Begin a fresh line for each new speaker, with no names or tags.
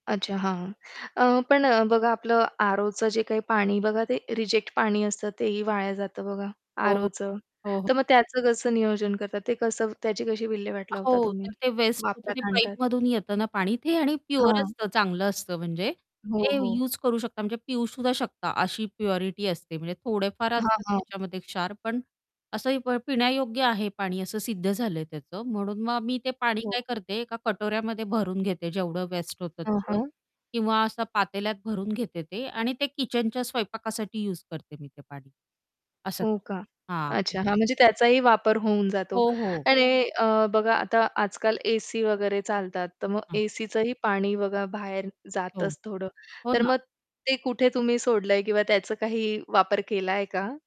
अच्छा! हां, हां. अ, पण अ, बघा आपलं aroचं जे काही पाणी बघा ते रिजेक्ट पाणी असतं तेही वाया जातं बघा.
हो, हो.
aroचं.
हो, हो.
तर मग त्याचं कसं नियोजन करतात, ते कसं त्याची कशी विल्हेवाट लावता
हो. तर
तुम्ही,
ते वेस्ट होतं ते
वापरात आणतात?
पाईपमधून येतं ना, पाणी ते आणि प्युअर
हां.
असतं चांगलं असतं म्हणजे
हो,
ते
हो.
यूज करू शकता म्हणजे पिऊसुद्धा शकता अशी प्युरिटी असते. म्हणजे थोडेफार
हां,
असतात
हां.
त्याच्यामध्ये क्षार, पण असंही प पिण्यायोग्य आहे पाणी असं सिद्ध झालंय त्याचं. म्हणून मग मी ते पाणी
हो.
काय करते एका कटोऱ्यामध्ये भरून घेते जेवढं वेस्ट होतं
हां,
तेवढं
हां.
किंवा असं पातेल्यात भरून घेते ते आणि ते किचनच्या स्वयंपाकासाठी यूज करते मी ते पाणी, असं
हो
करते
का?
हां.
अच्छा! हां. म्हणजे त्याचाही वापर होऊन जातो.
हो, हो.
आणि अ, बघा आता आजकाल एसी वगैरे चालतात, तर मग
[unintelligible]
एसीचं ही पाणी बघा बाहेर
हो.
जातच थोडं.
हो
तर
ना.
मग ते कुठे तुम्ही सोडलंय किंवा त्याचं काही वापर केलाय का?